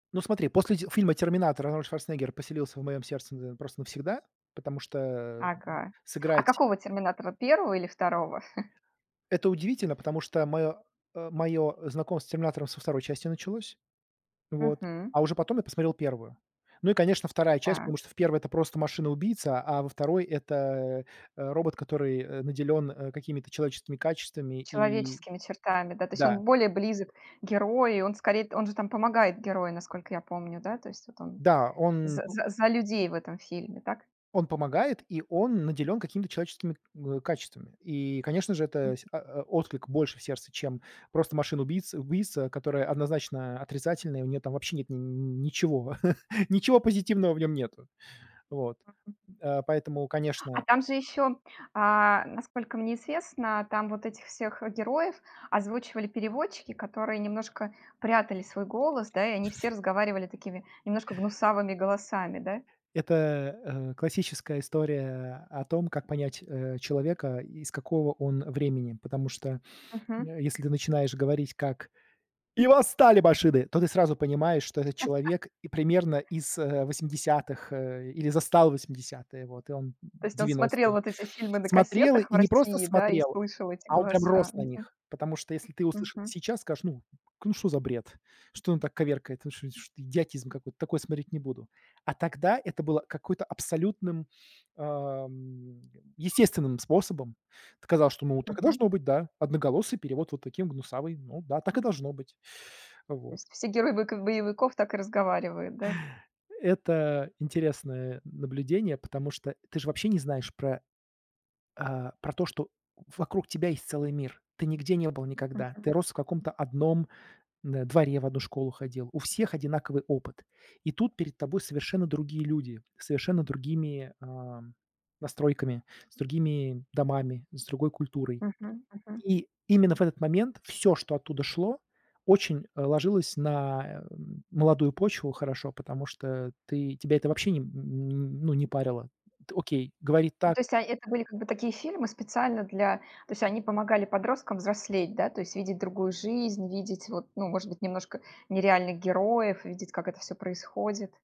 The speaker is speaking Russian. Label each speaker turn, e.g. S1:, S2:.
S1: Ну, смотри, после ти фильма "Терминатор" Арнольд Шварценеггер поселился в моём сердце, э, просто навсегда, потому что, э,
S2: Ага. А
S1: сыграть
S2: какого "Терминатора", 1 или 2?
S1: Это удивительно, потому что моё, э, моё знакомство с "Терминатором" со 2 части началось. Вот,
S2: Мгм.
S1: а уже потом я посмотрел 1. Ну, и, конечно, 2 часть, потому
S2: Так.
S1: что в 1 - это просто машина-убийца, а во 2 - это, э э, робот, который, э, наделён, э, какими-то человеческими качествами и
S2: Человеческими чертами, да? То есть он
S1: Да.
S2: более близок к герою, он скорее т он же там помогает герою, насколько я помню, да? То есть вот он
S1: Да, он
S2: за
S1: пу
S2: за за людей в этом фильме, так?
S1: он помогает, и он наделён какими-то человеческими, ы, качествами. И, конечно же, это
S2: Мгм.
S1: се о о отклик больше в сердце, чем просто машины убийц убийца, которая однозначно отрицательный, у неё там вообще нет н н ничего, ничего позитивного в нём нету. Вот, э, поэтому,
S2: А
S1: конечно
S2: там же ещё, э-э, насколько мне известно, там вот этих всех героев озвучивали переводчики, которые немножко прятали свой голос, да, и они все разговаривали такими, немножко гнусавыми голосами, да?
S1: Это, э, классическая история о том, как понять, э, человека, из какого он времени. Потому что,
S2: Мгм.
S1: э, если ты начинаешь говорить, как: "И восстали машины!", то ты сразу понимаешь, что этот человек и примерно из, э-э, 80-х, э, или застал 80-ые вот, и он,
S2: То есть, он смотрел
S1: 90-ые.
S2: вот эти фильмы на
S1: Смотрел,
S2: кассетах в
S1: и не просто
S2: России, да, и
S1: смотрел,
S2: слышал эти
S1: а он прям
S2: голоса?
S1: рос на
S2: Мгм.
S1: них, потому что если ты услыши
S2: Мгм.
S1: сейчас, скажешь: "Ну, ну, шо за бред, что он так коверкает, вы шо шт идиотизм какой-то, такое смотреть не буду", а тогда это было какой-то, абсолютным, э, мм, естественным способом. Т казалось, что, ну, так и
S2: Мгм.
S1: должно быть, да, одноголосый перевод вот таким гнусавый, ну, да, так и должно быть,
S2: То
S1: вот.
S2: есть все герои бк боевиков так и разговаривают, да?
S1: Это интересное н наблюдение, потому что ты ж вообще не знаешь про, э, про то, что вокруг тебя есть целый мир. Ты нигде не был никогда,
S2: Мгм.
S1: ты рос в каком-то одном н дворе, в одну школу ходил. У всех одинаковый опыт. И тут перед тобой совершенно другие люди, с совершенно другими, э, настройками, с другими домами, с другой культурой.
S2: Мгм мгм.
S1: И именно в этот момент всё, что оттуда шло, очень, э, ложилось на, э, молодую почву хорошо, потому что ты тебя это вообще мм ну, не парило. Т окей, говорит
S2: Ну,
S1: так.
S2: то есть о это были как бы такие фильмы, специально для то есть они помогали подросткам взрослеть, да? То есть видеть другую жизнь, видеть, вот, ну, может быть, немножко нереальных героев, видеть как это всё происходит.